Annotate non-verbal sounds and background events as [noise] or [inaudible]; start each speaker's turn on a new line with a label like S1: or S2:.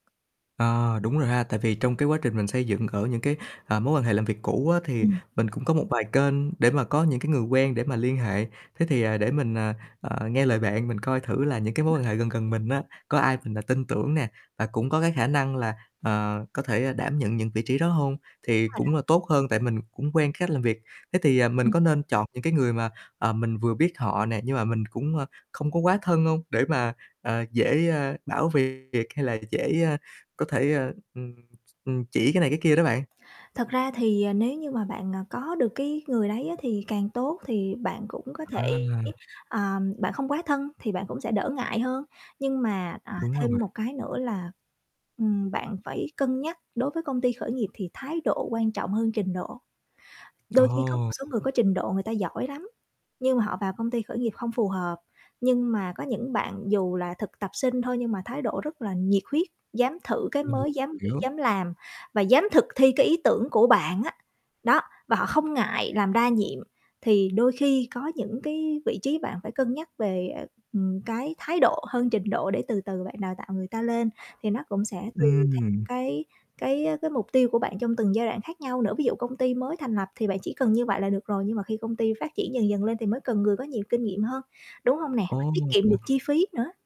S1: À, đúng rồi ha. Tại vì trong cái quá trình mình xây dựng ở những cái, ờ, mối quan hệ làm việc cũ á thì
S2: Ừm.
S1: mình cũng có một vài kênh để mà có những cái người quen để mà liên hệ. Thế thì, à, để mình, à, ờ, nghe lời bạn, mình coi thử là những cái mối quan
S2: [unintelligible]
S1: hệ gần gần mình á, có ai mình, à, tin tưởng nè, và cũng có cái khả năng là, ờ, có thể, ơ, đảm nhận những vị trí đó hông
S2: Đúng
S1: thì
S2: rồi đó.
S1: cũng là tốt hơn, tại mình cũng quen cách làm việc. Thế thì, ờ, mình
S2: Ừm.
S1: có nên chọn những cái người mà, ờ, mình vừa biết họ nè nhưng mà mình cũng, ơ, không có quá thân hông, để mà, ờ, dễ, ơ, bảo việc hay là dễ, a, có thể, à, ừm, ừm, chỉ cái này cái kia đó bạn?
S2: Thật ra thì, ờ, nếu như mà bạn, ờ, có được cái người đấy á thì càng tốt, thì bạn cũng có
S1: À.
S2: thể, à, bạn không quá thân thì bạn cũng sẽ đỡ ngại hơn, nhưng mà, à,
S1: Đúng rồi
S2: thêm
S1: bạn.
S2: một cái nữa là, ừm, bạn phải cân nhắc đối với công ty khởi nghiệp thì thái độ quan trọng hơn trình độ. Đôi khi có một
S1: Ồ.
S2: số người có trình độ người ta giỏi lắm, nhưng mà họ vào công ty khởi nghiệp không phù hợp, nhưng mà có những bạn dù là thực tập sinh thôi nhưng mà thái độ rất là nhiệt huyết, dám thử cái
S1: Mình
S2: mới, dám nghĩ
S1: hiểu.
S2: dám làm, và dám thực thi cái ý tưởng của bạn á, đó, và họ không ngại làm đa nhiệm. Thì đôi khi có những cái vị trí bạn phải cân nhắc về, ờ, ừm, cái thái độ hơn trình độ, để từ từ bạn đào tạo người ta lên, thì nó cũng sẽ tùy theo
S1: Ừm.
S2: cái cái, á, cái mục tiêu của bạn trong từng giai đoạn khác nhau nữa. Ví dụ công ty mới thành lập thì bạn chỉ cần như vậy là được rồi, nhưng mà khi công ty phát triển dần dần lên thì mới cần người có nhiều kinh nghiệm hơn, đúng không nè? Và tiết kiệm được
S1: Ồ.
S2: chi phí nữa.